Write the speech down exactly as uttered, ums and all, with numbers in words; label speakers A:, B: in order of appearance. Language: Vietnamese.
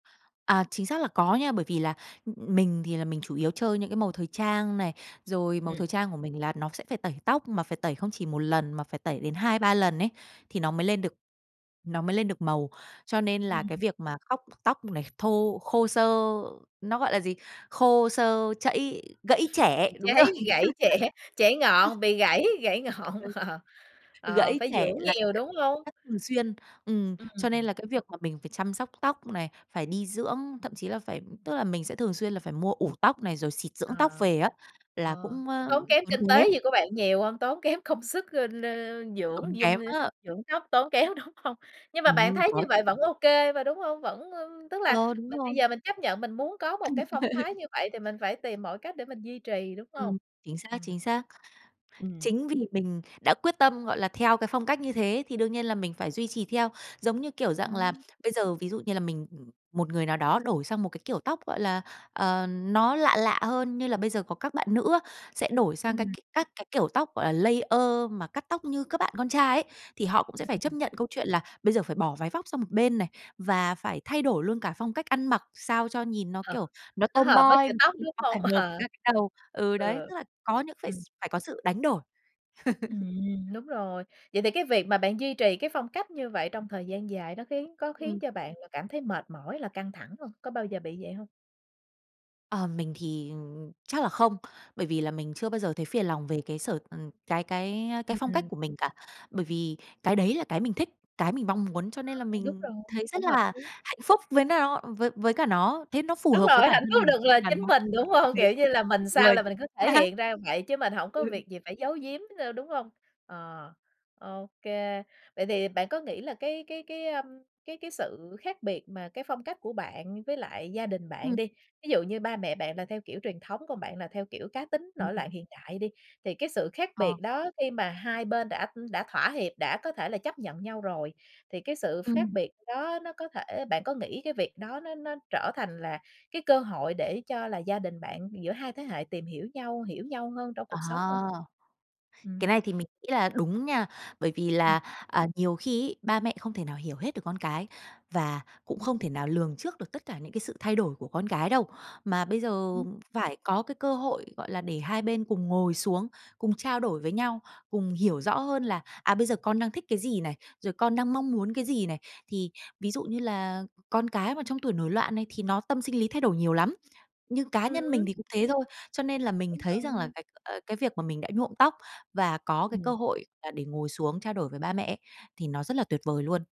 A: À, chính xác là có nha, bởi vì là mình thì là mình chủ yếu chơi những cái màu thời trang này, rồi màu
B: Ừm.
A: thời trang của mình là nó sẽ phải tẩy tóc, mà phải tẩy không chỉ một lần mà phải tẩy đến hai ba lần ấy thì nó mới lên được nó mới lên được màu. Cho nên là
B: Ừm.
A: cái việc mà khóc tóc này thô khô xơ, nó gọi là gì? Khô, xơ, chẫy gãy chẻ!
B: Bị
A: Đúng rồi!
B: cháy, bị gãy chẻ, chẻ ngọn, bị gãy, gãy ngọn,
A: Ừ,
B: ờ. Ờ,
A: gãy
B: phải
A: chẻ
B: dưỡng
A: là
B: nhiều, đúng hông?
A: rất thường xuyên, ừm, cho nên
B: Ừm.
A: là cái việc mà mình phải chăm sóc tóc này, phải đi dưỡng, thậm chí là phải tức là, mình sẽ thường xuyên là phải mua ủ tóc này, rồi xịt
B: Ờ,
A: dưỡng tóc về á, là
B: ơ,
A: cũng,
B: có
A: ơ,
B: tốn kém
A: tốn
B: kinh
A: kém.
B: tế gì của bạn nhiều hông? Tốn kém công sức, ơ,
A: Tốn
B: dưỡng
A: kém
B: dung
A: á!
B: dưỡng tóc tốn kém, đúng hông? Nhưng mà bạn
A: Ừm,
B: thấy như
A: có.
B: vậy vẫn ô kê mà, đúng hông? Vẫn tức là
A: Ờ, đúng
B: mình bây
A: rồi!
B: giờ mình chấp nhận mình muốn có một cái phong thái như vậy thì mình phải tìm mọi cách để mình duy trì, đúng hông?
A: Ừm, chính xác,
B: Ừm.
A: chính xác.
B: Ừm.
A: Chính vì mình đã quyết tâm, gọi là, theo cái phong cách như thế thì đương nhiên là mình phải duy trì theo, giống như, kiểu dạng là,
B: Ừm!
A: bây giờ ví dụ như là mình một người nào đó đổi sang một cái kiểu tóc, gọi là, ờ, nó lạ lạ hơn, như là bây giờ có các bạn nữ á sẽ đổi sang cái c
B: Ừm.
A: các cái kiểu tóc, gọi là, layer mà cắt tóc như các bạn con trai ấy, thì họ cũng sẽ phải chấp
B: Ừm.
A: nhận câu chuyện là bây giờ phải bỏ váy vóc sang một bên này và phải thay đổi luôn cả phong cách ăn mặc sao cho nhìn nó,
B: Ờ,
A: kiểu, nó
B: nó hợp với
A: tomboy
B: kiểu
A: m
B: tóc, đúng
A: nó phải
B: hông?
A: hợp với
B: Ờ.
A: cả cái đầu. Ừ, đấy,
B: Ừ,
A: tức là có những phải
B: ừm.
A: phải có sự đánh đổi.
B: Ừm, đúng rồi. Vậy thì cái việc mà bạn duy trì cái phong cách như vậy trong thời gian dài nó khiến có khiến
A: Ừm.
B: cho bạn là cảm thấy mệt mỏi, là căng thẳng hông? Có bao giờ bị vậy hông?
A: Ờ, mình thì chắc là không, bởi vì là mình chưa bao giờ thấy phiền lòng về cái sở ừm, cái cái, a, cái phong cách
B: Ừm.
A: của mình cả bởi vì cái đấy là cái mình thích, cái mình mong muốn cho nên là
B: Ờ, đúng
A: mình
B: rồi,
A: thấy rất
B: cũng hợp
A: là
B: lý.
A: hạnh phúc với nào với với cả nó thấy nó phù
B: Đúng
A: hợp với
B: rồi,
A: bản
B: hạnh
A: thân
B: phúc là
A: mình
B: được là
A: gắn
B: chính
A: bó
B: mình, đúng không?
A: thế
B: Kiểu như là, mình
A: đúng
B: sao
A: rồi!
B: là mình cứ thể hiện ra vậy chứ mình hổng có
A: Ừ.
B: việc gì phải giấu giếm đâu, đúng hông? Ờ, ô kê. Vậy thì bạn có nghĩ là cái cái cái, a, cái cái sự khác biệt mà cái phong cách của bạn với lại gia đình bạn
A: Ừm.
B: đi, ví dụ như ba mẹ bạn là theo kiểu truyền thống, còn bạn là theo kiểu cá tính,
A: Ừm.
B: nổi loạn hiện đại đi, thì cái sự khác
A: Ờ.
B: biệt đó khi mà hai bên đã đã thỏa hiệp, đã có thể là chấp nhận nhau rồi thì cái sự ph khác
A: Ừm.
B: biệt đó nó có thể bạn có nghĩ cái việc đó nó nó trở thành là cái cơ hội để cho là gia đình bạn, giữa hai thế hệ tìm hiểu nhau, hiểu nhau hơn trong
A: À!
B: cuộc sống hông?
A: Cái
B: Ừm.
A: này thì mình nghĩ là đúng nha, bởi vì là, à, nhiều khi ấy ba mẹ không thể nào hiểu hết được con cái và cũng không thể nào lường trước được tất cả những cái sự thay đổi của con cái đâu mà bây giờ phải có cái cơ hội, gọi là, để hai bên cùng ngồi xuống, cùng trao đổi với nhau, cùng hiểu rõ hơn là, à, bây giờ con đang thích cái gì này, rồi con đang mong muốn cái gì này. Thì ví dụ như là con cái mà trong tuổi nổi loạn này thì nó tâm sinh lý thay đổi nhiều lắm, như cá nhân mình
B: Ừm.
A: thì cũng thế thôi cho nên là mình
B: Đúng
A: thấy rằng là
B: rồi.
A: cái, ơ, cái việc mà mình đã nhuộm tóc và có cái cơ
B: Ừm.
A: hội là để ngồi xuống trao đổi với ba mẹ ấy, thì nó rất là tuyệt vời luôn.